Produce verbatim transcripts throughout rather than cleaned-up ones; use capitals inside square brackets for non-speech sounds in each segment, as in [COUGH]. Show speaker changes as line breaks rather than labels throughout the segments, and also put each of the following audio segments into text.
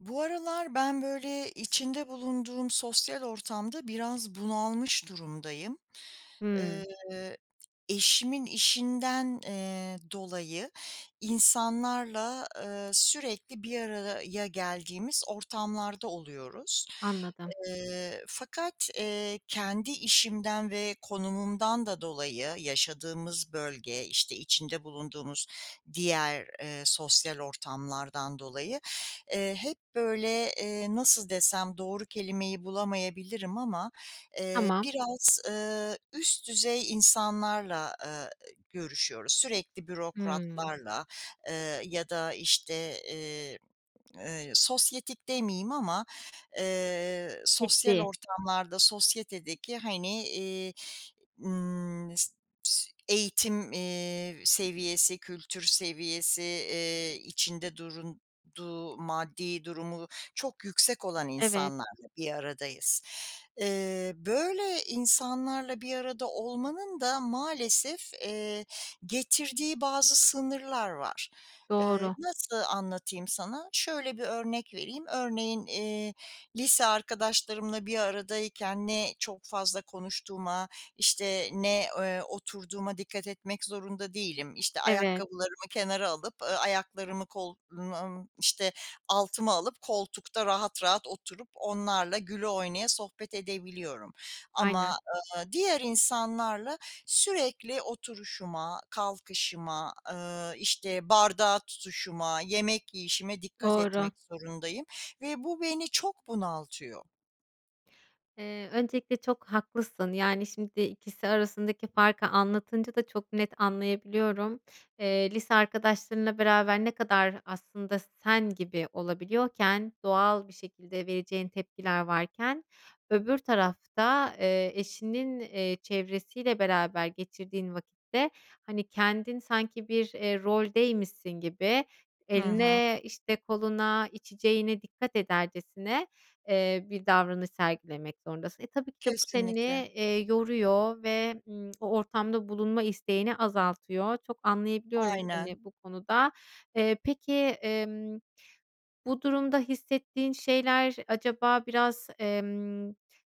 Bu aralar ben, böyle, içinde bulunduğum sosyal ortamda biraz bunalmış durumdayım.
Hımm.
Eee, eşimin işinden, eee, dolayı insanlarla, eee, sürekli bir araraya geldiğimiz ortamlarda oluyoruz.
Anladım.
Eee, fakat, eee, kendi işimden ve konumumdan da dolayı yaşadığımız bölge, işte, içinde bulunduğumuz diğer, eee, sosyal ortamlardan dolayı, eee, hep, böyle, eee, nasıl desem, doğru kelimeyi bulamayabilirim ama, eee,
Tamam.
biraz, eee, üst düzey insanlarla, eee, görüşüyoruz. Sürekli
Hımm.
bürokratlarla, eee, ya da, işte, eee, sosyetik demeyeyim ama, eee, sosyal
Ciddi.
ortamlarda sosyetedeki, hani, eee, ımm, eğitim, eee, seviyesi, kültür seviyesi, eee, içinde durunduğu maddi durumu çok yüksek olan
Evet.
insanlarla bir aradayız. Eee, böyle insanlarla bir arada olmanın da maalesef, eee, getirdiği bazı sınırlar var. Eee,
Doğru.
nasıl anlatayım sana? Şöyle bir örnek vereyim. Örneğin, eee, lise arkadaşlarımla bir aradayken ne çok fazla konuştuğuma, işte, ne, eee, oturduğuma dikkat etmek zorunda değilim. İşte,
Evet.
ayakkabılarımı kenara alıp, eee, ayaklarımı, [UNINTELLIGIBLE] işte, altıma alıp koltukta rahat rahat oturup onlarla güle oynaya sohbet edebiliyorum
Aynen.
ama, eee, diğer insanlarla sürekli oturuşuma, kalkışıma, eee, işte, bardağı tutuşuma, yemek yiyişime dikkat
Doğru.
etmek zorundayım ve bu beni çok bunaltıyor.
Eee, öncelikle çok haklısın, yani, şimdi ikisi arasındaki farkı anlatınca da çok net anlayabiliyorum. Eee, lise arkadaşlarınla beraber ne kadar aslında sen gibi olabiliyorken, doğal bir şekilde vereceğin tepkiler varken öbür tarafta, eee, eşinin, eee, çevresiyle beraber geçirdiğin vakitte, hani, kendin sanki bir, eee, roldeymişsin gibi
Hı hı.
eline, işte, koluna, içeceğine dikkat edercesine, eee, bir davranış sergilemek zorundasın. E, tabii ki de bu seni,
Kesinlikle.
eee, yoruyor ve, ımm, o ortamda bulunma isteğini azaltıyor. Çok anlayabiliyorum
Aynen.
seni bu konuda. Eee, peki, emm, bu durumda hissettiğin şeyler acaba biraz, emm,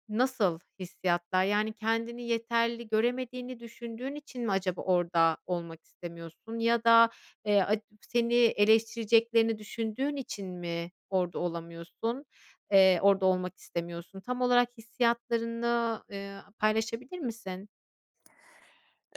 nasıl hissiyatlar? Yani, kendini yeterli göremediğini düşündüğün için mi acaba orada olmak istemiyorsun ya da, eee, [UNINTELLIGIBLE] seni eleştireceklerini düşündüğün için mi orada olamıyorsun, eee orada olmak istemiyorsun? Tam olarak hissiyatlarını, eee, paylaşabilir misin?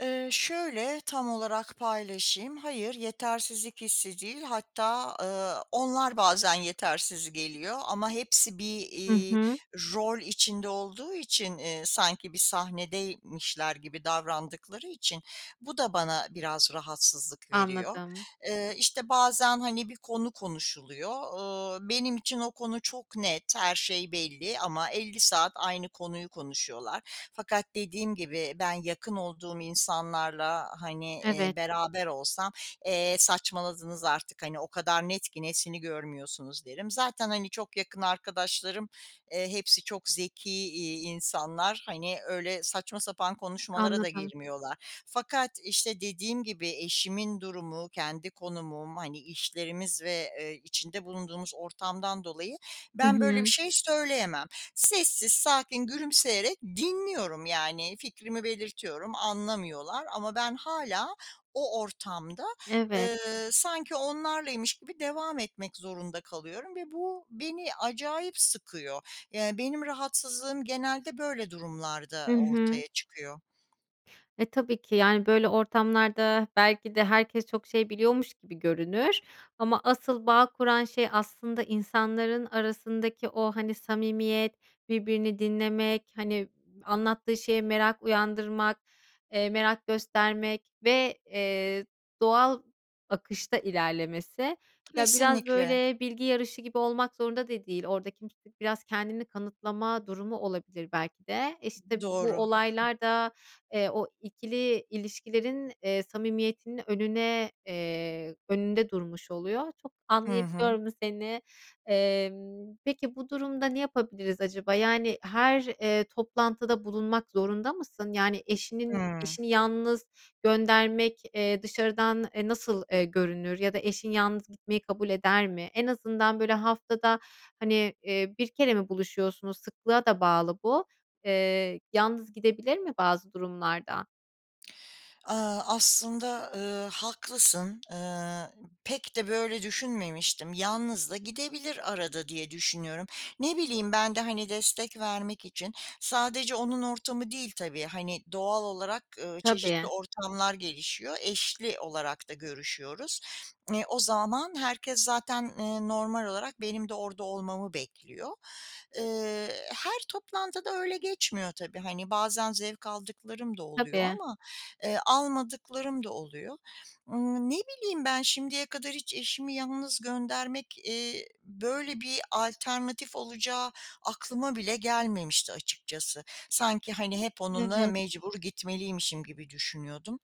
Eee, şöyle tam olarak paylaşayım. Hayır, yetersizlik hissi değil hatta, ııı, onlar bazen yetersiz geliyor ama hepsi bir,
Hı
iii,
hı.
rol içinde olduğu için, ııı, sanki bir sahnedeymişler gibi davrandıkları için bu da bana biraz rahatsızlık veriyor.
Anladım.
Iıı, işte, bazen, hani, bir konu konuşuluyor. Iıı, benim için o konu çok net, her şey belli ama elli saat aynı konuyu konuşuyorlar. Fakat dediğim gibi ben yakın olduğum insanlarla, hani, iii,
Evet.
beraber olsam, "E, saçmaladınız artık, hani, o kadar net ki, nesini görmüyorsunuz?" derim. Zaten, hani, çok yakın arkadaşlarım, eee, hepsi çok zeki, iii, insanlar. Hani, öyle saçma sapan konuşmalara da
Anladım.
girmiyorlar. Fakat, işte, dediğim gibi eşimin durumu, kendi konumum, hani, işlerimiz ve, ııı, içinde bulunduğumuz ortamdan dolayı
Hı
ben böyle bir
hı.
şey söyleyemem. Sessiz, sakin, gülümseyerek dinliyorum, yani, fikrimi belirtiyorum, anlamıyorlar ama ben hâlâ o ortamda,
Evet.
ııı, sanki onlarlaymış gibi devam etmek zorunda kalıyorum ve bu beni acayip sıkıyor. Iıı, benim rahatsızlığım genelde böyle
Hı
durumlarda
hı.
ortaya çıkıyor.
E, tabii ki, yani, böyle, ortamlarda belki de herkes çok şey biliyormuş gibi görünür ama asıl bağ kuran şey aslında insanların arasındaki o, hani, samimiyet, birbirini dinlemek, hani, anlattığı şeye merak uyandırmak, eee, merak göstermek ve, eee, doğal akışta ilerlemesi. Ya, biraz,
Kesinlikle.
böyle, bilgi yarışı gibi olmak zorunda da değil. Orada kimse biraz kendini kanıtlama durumu olabilir belki de. İşte,
Doğru.
bu olaylar da, eee, o ikili ilişkilerin, eee, samimiyetinin önüne, eee, önünde durmuş oluyor. Çok
Hı hı.
anlayabiliyorum seni. Emm, peki, bu durumda ne yapabiliriz acaba? Yani, her, eee, toplantıda bulunmak zorunda mısın? Yani, eşinin
Hıı.
eşini yalnız göndermek, eee, dışarıdan, eee, nasıl, eee, görünür ya da eşin yalnız gitmeyi kabul eder mi? En azından, böyle, haftada, hani, eee, bir kere mi buluşuyorsunuz? Sıklığa da bağlı bu. Eee, yalnız gidebilir mi bazı durumlarda?
Eee, aslında, eee, haklısın. Iıı, pek de böyle düşünmemiştim. Yalnız da gidebilir arada diye düşünüyorum. Ne bileyim, ben de, hani, destek vermek için. Sadece onun ortamı değil tabii, hani, doğal olarak, ııı, çeşitli
Tabii.
ortamlar gelişiyor, eşli olarak da görüşüyoruz. O zaman herkes zaten, ııı, normal olarak benim de orada olmamı bekliyor. Eee, her toplantı da öyle geçmiyor tabii. Hani, bazen zevk aldıklarım da oluyor
Tabii.
ama, eee, almadıklarım da oluyor. Imm, ne bileyim, ben şimdiye kadar hiç eşimi yalnız göndermek, eee, böyle, bir alternatif olacağı aklıma bile gelmemişti açıkçası. Sanki, hani, hep onunla
Evet.
mecbur gitmeliymişim gibi düşünüyordum.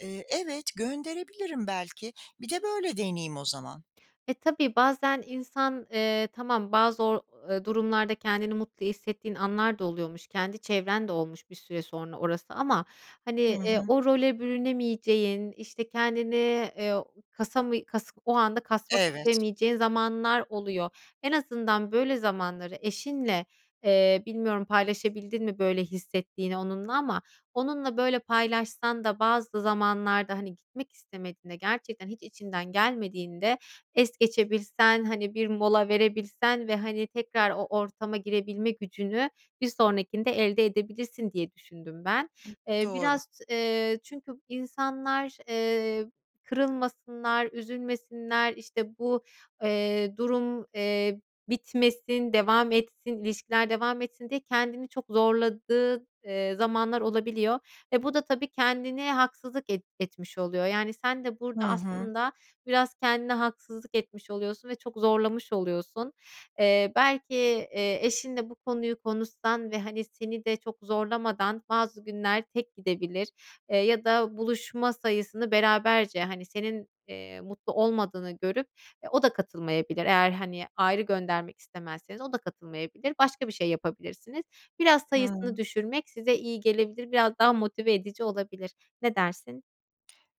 Eee, evet, gönderebilirim belki. Bir de böyle deneyeyim o zaman.
E, tabii bazen insan, eee, tamam, bazı o eee, durumlarda kendini mutlu hissettiğin anlar da oluyormuş. Kendi çevren de olmuş bir süre sonra orası ama, hani,
Hı
eee,
hı.
o role bürünemeyeceğin, işte, kendini, eee, o kasamı kas o anda kasmak
Evet.
istemeyeceğin zamanlar oluyor. En azından böyle zamanları eşinle, eee, bilmiyorum, paylaşabildin mi böyle hissettiğini onunla ama onunla, böyle, paylaşsan da bazı zamanlarda, hani, gitmek istemediğinde, gerçekten hiç içinden gelmediğinde es geçebilsen, hani, bir mola verebilsen ve, hani, tekrar o ortama girebilme gücünü bir sonrakinde elde edebilirsin diye düşündüm ben. Eee,
Doğru.
biraz, eee, çünkü insanlar, eee, kırılmasınlar, üzülmesinler, işte, bu, eee, durum, eee, bitmesin, devam etsin, ilişkiler devam etsin diye kendini çok zorladığın, eee, zamanlar olabiliyor ve bu da tabii kendine haksızlık et etmiş oluyor. Yani, sen de
Hı
burada
hı.
aslında biraz kendine haksızlık etmiş oluyorsun ve çok zorlamış oluyorsun. Eee, belki, eee, eşinle bu konuyu konuşsan ve, hani, seni de çok zorlamadan bazı günler tek gidebilir, eee, ya da buluşma sayısını beraberce, hani, senin, eee, mutlu olmadığını görüp e, o da katılmayabilir. Eğer, hani, ayrı göndermek istemezseniz o da katılmayabilir. Başka bir şey yapabilirsiniz. Biraz sayısını
Hı.
düşürmek size iyi gelebilir. Biraz daha motive edici olabilir. Ne dersin?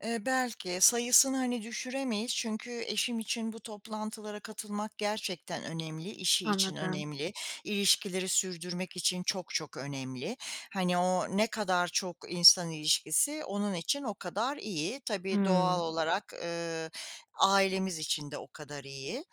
Eee, belki, sayısını hani düşüremeyiz çünkü eşim için bu toplantılara katılmak gerçekten önemli, işi için
Anladım.
önemli, ilişkileri sürdürmek için çok çok önemli. Hani, o ne kadar çok insan ilişkisi, onun için o kadar iyi. Tabii doğal
Hımm.
olarak, ııı, ailemiz için de o kadar iyi.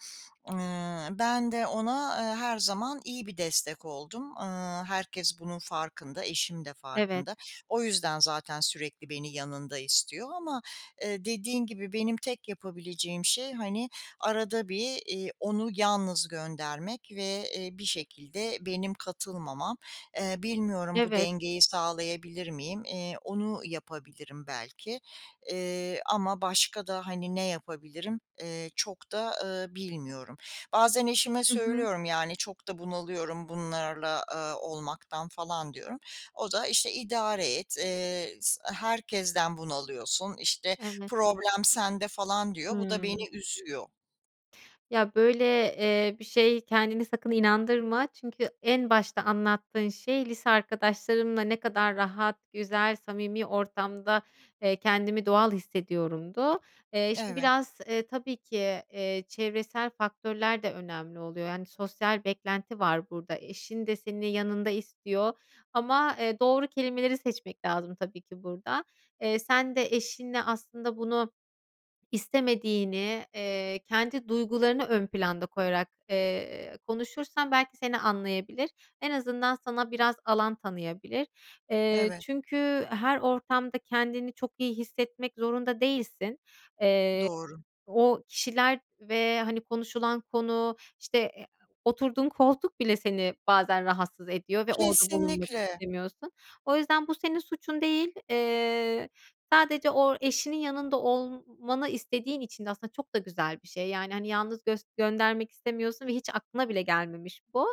Iıı, ben de ona, ııı, her zaman iyi bir destek oldum. Iıı, herkes bunun farkında, eşim de
Evet.
farkında. O yüzden zaten sürekli beni yanında istiyor ama, eee, dediğin gibi benim tek yapabileceğim şey, hani, arada bir, iii, onu yalnız göndermek ve, eee, bir şekilde benim katılmamam. Eee, bilmiyorum bu
Evet.
dengeyi sağlayabilir miyim, eee, onu yapabilirim belki, eee, ama başka da, hani, ne yapabilirim, eee, çok da, ııı, bilmiyorum. Bazen eşime
I hı.
söylüyorum yani “Çok da bunalıyorum bunlarla, aaa, olmaktan“ falan diyorum. O da, işte, “İdare et, eee, s e, herkesten bunalıyorsun, işte
Evet.
problem sende“ falan diyor. Bu da
Hımm.
beni üzüyor.
Ya, böyle, eee, bir şeye kendini sakın inandırma. Çünkü en başta anlattığın şey, lise arkadaşlarımla ne kadar rahat, güzel, samimi ortamda, eee, kendimi doğal hissediyorumdu. Eee, şimdi
Evet.
biraz, ııı, tabii ki, ııı, çevresel faktörler de önemli oluyor. Yani, sosyal beklenti var burada. Eşin de seni yanında istiyor ama, ııı, doğru kelimeleri seçmek lazım tabii ki burada. Eee, sen de eşinle aslında bunu istemediğini, ııı, kendi duygularını ön planda koyarak, ııı, konuşursan belki seni anlayabilir. En azından sana biraz alan tanıyabilir. Eee,
Evet.
çünkü her ortamda kendini çok iyi hissetmek zorunda değilsin. Eee,
Doğru.
o kişiler ve, hani, konuşulan konu, işte, e, o oturduğun koltuk bile seni bazen rahatsız ediyor ve orada bulunmak
Kesinlikle.
istemiyorsun. O yüzden bu senin suçun değil. Eee, sadece o eşinin yanında olmmanı istediğin için de aslında çok da güzel bir şey. Yani, hani, yalnız gös göndermek istemiyorsun ve hiç aklına bile gelmemiş bu.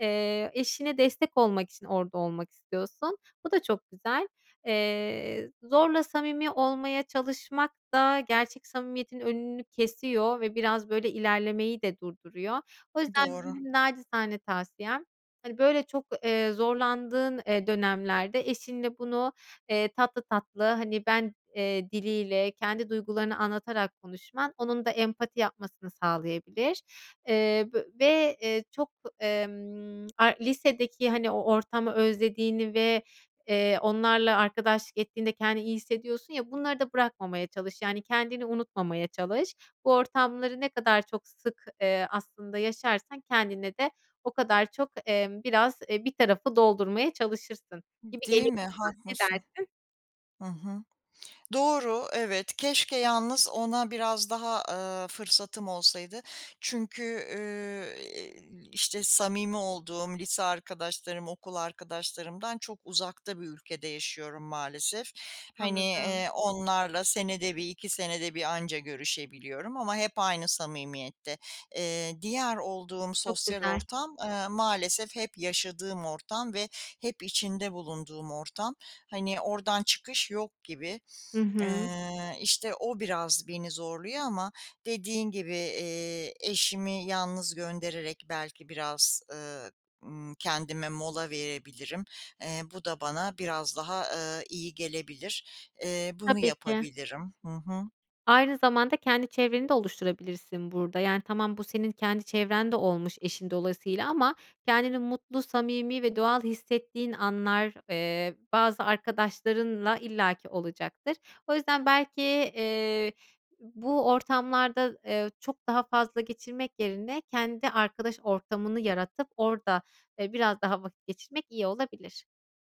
Eee, eşine destek olmak için orada olmak istiyorsun. Bu da çok güzel. Eee, zorla samimi olmaya çalışmak da gerçek samimiyetin önünü kesiyor ve biraz, böyle, ilerlemeyi de durduruyor. O yüzden
Doğru.
benim naçizane tavsiyem, hani, böyle, çok, ııı, zorlandığın, ııı, dönemlerde eşinle bunu, ııı, tatlı tatlı, hani, ben, ııı, diliyle kendi duygularını anlatarak konuşman onun da empati yapmasını sağlayabilir. Iıı, v ve, ııı, çok, emm a lisedeki hani o ortamı özlediğini ve, ııı, onlarla arkadaşlık ettiğinde kendini iyi hissediyorsun ya, bunları da bırakmamaya çalış. Yani kendini unutmamaya çalış. Bu ortamları ne kadar çok sık, ııı, aslında yaşarsan kendine de o kadar çok, emm, biraz, e, bir tarafı doldurmaya çalışırsın
D
gibi
değil
geliyor
mi,
bana. Ne
haklısın.
dersin?
Hı hı. [SMACKS LIPS] Doğru, evet. Keşke yalnız ona biraz daha, ııı, fırsatım olsaydı. Çünkü, ııı, iii, işte, samimi olduğum lise arkadaşlarım, okul arkadaşlarımdan çok uzakta bir ülkede yaşıyorum, maalesef. Hani,
Anladım.
ııı, onlarla senede bir iki, senede bir anca görüşebiliyorum ama hep aynı samimiyette. Iıı, diğer olduğum
Çok
sosyal
güzel.
ortam, ııı, maalesef hep yaşadığım ortam ve hep içinde bulunduğum ortam. Hani, oradan çıkış yok gibi.
Hı hı.
Iıı, işte, o biraz beni zorluyor ama dediğin gibi, iii, eşimi yalnız göndererek belki biraz, ııı, ımm, kendime mola verebilirim. Iıı, bu da bana biraz daha, ııı, iyi gelebilir. Iıı, bunu
Tabii ki.
yapabilirim. Hı hı.
Aynı zamanda kendi çevreni de oluşturabilirsin burada. Yani, tamam bu senin kendi çevren de olmuş eşin dolayısıyla ama kendini mutlu, samimi ve doğal hissettiğin anlar, eee, bazı arkadaşlarınla illaki olacaktır. O yüzden, belki, ııı, bu ortamlarda, ııı, çok daha fazla geçirmek yerine kendi arkadaş ortamını yaratıp orada, ııı, biraz daha vakit geçirmek iyi olabilir.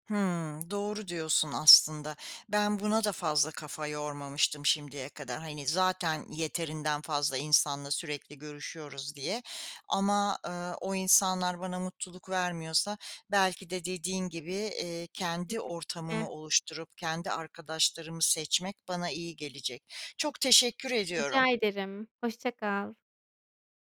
Hıı, doğru diyorsun aslında. Ben buna da fazla kafa yormamıştım şimdiye kadar. Hani, zaten yeterinden fazla insanla sürekli görüşüyoruz diye ama, ııı, o insanlar bana mutluluk vermiyorsa belki de dediğin gibi, iii, kendi
Kesinlikle.
ortamımı oluşturup kendi arkadaşlarımı seçmek bana iyi gelecek. Çok teşekkür
Rica
ediyorum.
ederim. Hoşça kal.